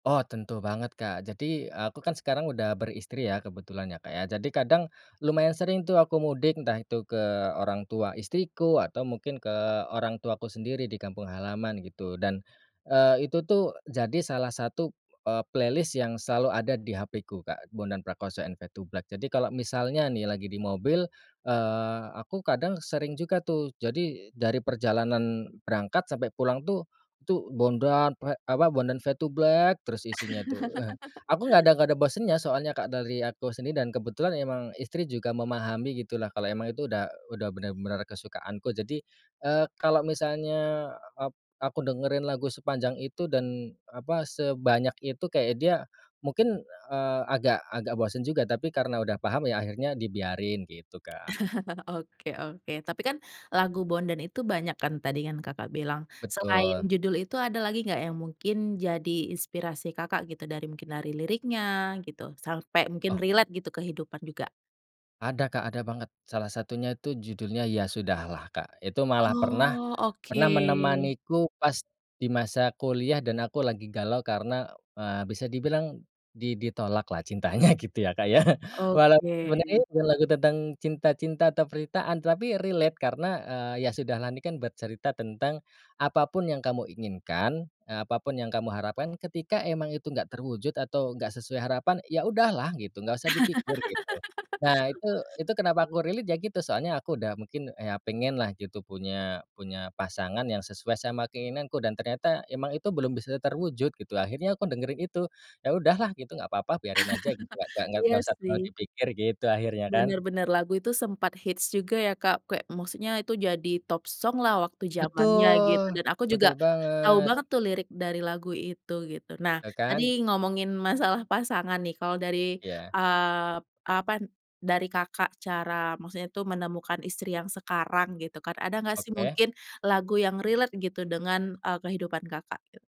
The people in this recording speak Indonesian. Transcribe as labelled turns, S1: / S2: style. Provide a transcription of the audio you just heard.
S1: Oh tentu banget Kak, jadi aku kan sekarang udah beristri ya, kebetulan ya Kak ya. Jadi kadang lumayan sering tuh aku mudik, entah itu ke orang tua istriku atau mungkin ke orang tuaku sendiri di kampung halaman gitu. Dan, eee, itu tuh jadi salah satu, eee, playlist yang selalu ada di HP-ku Kak, Bondan Prakoso& Fade2Black. Jadi kalau misalnya nih lagi di mobil, eee, aku kadang sering juga tuh, jadi dari perjalanan berangkat sampai pulang tuh, itu Bondan Pra apa, Bondan Fade2Black terus isinya tuh, eee, aku nggak ada nggak ada bosen ya soalnya Kak dari aku sendiri dan kebetulan emang istri juga memahami gitu lah kalau emang itu udah udah bener-bener kesukaanku. Jadi, eee, kalau misalnya ap aku dengerin lagu sepanjang itu dan apa, sebanyak itu kayak dia mungkin, eee, agak-agak bosen juga, tapi karena udah paham ya akhirnya dibiarin gitu, Kak.
S2: Oke oke. Tapi kan lagu Bondan itu banyak kan tadi yang Kakak bilang. Selain
S1: Betul.
S2: judul itu ada lagi gak yang mungkin jadi inspirasi Kakak gitu, dari mungkin dari liriknya gitu, sampai mungkin
S1: Oh.
S2: relate gitu kehidupan juga?
S1: Ada Kak, ada banget. Salah satunya itu judulnya Ya Sudahlah, Kak. Itu malah pernah
S2: Oh oke.
S1: pernah menemaniku pas di masa kuliah dan aku lagi galau karena, eee, bisa dibilang di di tolak lah cintanya gitu ya Kak ya. Walaupun
S2: Oke.
S1: sebenarnya bukan lagu tentang cinta cinta atau penderitaan, tapi relate karena, eee, Ya Sudahlah ini kan bercerita tentang apapun yang kamu inginkan, eee, apapun yang kamu harapkan, ketika emang itu enggak terwujud atau enggak sesuai harapan, ya udahlah gitu, enggak usah dipikir gitu. Nah itu itu kenapa aku relate ya gitu, soalnya aku udah mungkin ya pengen lah gitu punya punya pasangan yang sesuai sama keinginanku, dan ternyata emang itu belum bisa terwujud gitu. Akhirnya aku dengerin itu, ya udahlah gitu, gak apa-apa, biarin aja gitu, gak gak
S2: Iya
S1: usah terlalu
S2: sih.
S1: dipikir gitu akhirnya kan.
S2: Bener bener, lagu itu sempet hits juga ya, Kak. Kayak maksudnya itu jadi top song lah waktu zamannya gitu
S1: Betul,
S2: dan aku
S1: betul
S2: juga tahu
S1: banget.
S2: banget tuh lirik dari lagu itu gitu. Nah
S1: Iya kan.
S2: tadi ngomongin masalah pasangan nih, kalau dari,
S1: Iya.
S2: eee, apa, dari Kakak cara maksudnya itu menemukan istri yang sekarang gitu kan, ada gak sih
S1: Oke.
S2: mungkin lagu yang relate gitu dengan, eee, kehidupan Kakak? E